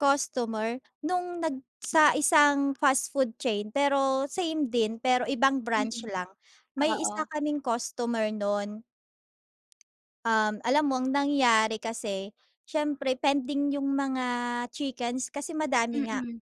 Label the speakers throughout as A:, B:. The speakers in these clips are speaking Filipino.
A: Customer. Nung nag sa isang fast food chain pero, same din pero ibang branch
B: Mm.
A: lang, may isa
B: Oo.
A: kaming customer nun Um, alam mo ang nangyari kasi, siyempre pending yung mga chickens kasi madami nga.
B: Mm.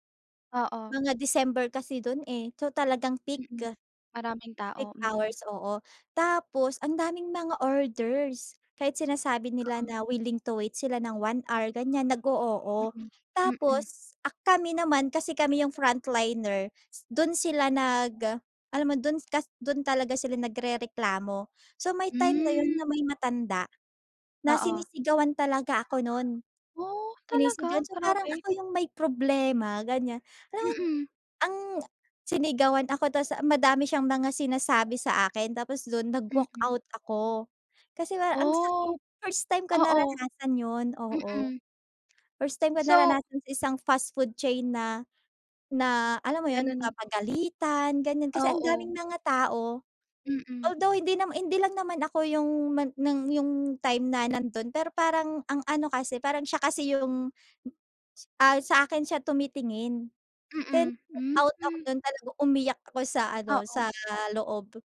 B: Oo.
A: Mga December kasi dun eh, so talagang peak.
B: Mm. Maraming tao,
A: Peak
B: mm.
A: hours, oo. Tapos ang daming mga orders. Kahit sinasabi nila
B: Oo.
A: na willing to wait sila nang 1 hour ganiyan, nag-o-oo.
B: Mm. Mm.
A: Tapos a kami naman kasi kami yung frontliner, dun sila nag alam mo dun kas dun talaga sila nagrereklamo. So may time na yun na
B: Hmm.
A: may matanda, na
B: Oo.
A: sinisigawan talaga ako nun.
B: Oh, talaga?
A: Sinisigawan, so parang
B: Grabe.
A: ako yung may problema ganiyan. Alam mo n
B: Mm.
A: ang sinigawan ako ta’s madami siyang mga sinasabi sa akin tapos dun
B: Mm.
A: nag-walkout ako. Kasi para ang
B: Oh,
A: sakit, first time ko
B: oo.
A: naranasan yun, oo.
B: Mm.
A: First time ko
B: So
A: naranasan sa isang fast food chain na na alam mo ‘yon,
B: Ganun
A: mapagalitan ganyan. Kasi ang
B: Oo.
A: daming mga tao.
B: Mm.
A: Although hindi nama hindi lang naman ako yung man ng yung time na nandun, pero parang ang ano kasi parang siya kasi yung ah sa akin siya tumitingin. Kaya
B: Mm, hmm.
A: nag-walkout ako dun talaga umiyak ako sa ano, sa
B: Oo.
A: loob.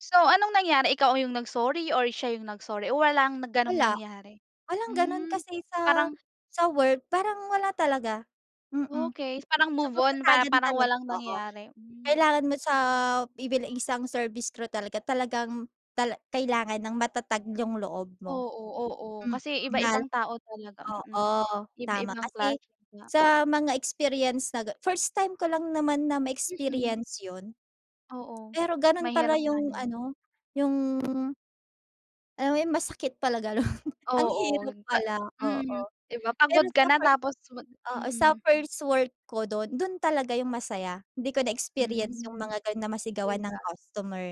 B: So anong nangyari, ikaw ah yung nag-sorry? Or siya yung-nag sorry, o walang na gano’ng
A: Wala.
B: nangyari?
A: Walang ganun
B: Hmm,
A: kasi sa
B: parang
A: sa work parang wala talaga. Mm.
B: Okey. Parang
A: So
B: move on, pa
A: patatagan
B: parang
A: talag
B: walang
A: oo.
B: nangyari. Hmm.
A: Kailangan mo sa i bil isang service crew talaga, talagang tala kailangan ng matatag yung loob mo.
B: Oo, oo.
A: Mm.
B: Kasi
A: Lal
B: iba-ibang tao talaga, mm.
A: oo. Tama
B: Iba-ibang
A: kasi,
B: klase nga.
A: sa mga experience na ga first time ko lang naman na
B: Mm.
A: ma-experience ‘yon.
B: Oo.
A: Pero ganun pala
B: Mahirap nga
A: yung
B: naman.
A: ano, yung Alam mo yung masakit pala ganun. Ang
B: Oo.
A: hirap
B: Pa
A: pala, oo.
B: mm, 'di ba.
A: Pero
B: Pagod ka
A: sa
B: na
A: first,
B: tapos wa
A: oo, sa
B: mm.
A: first work ko dun, dun talaga yung masaya. 'Di ko na experience yung
B: Hmm,
A: mga ganun na
B: 'di
A: masigawan ng
B: ba.
A: customer.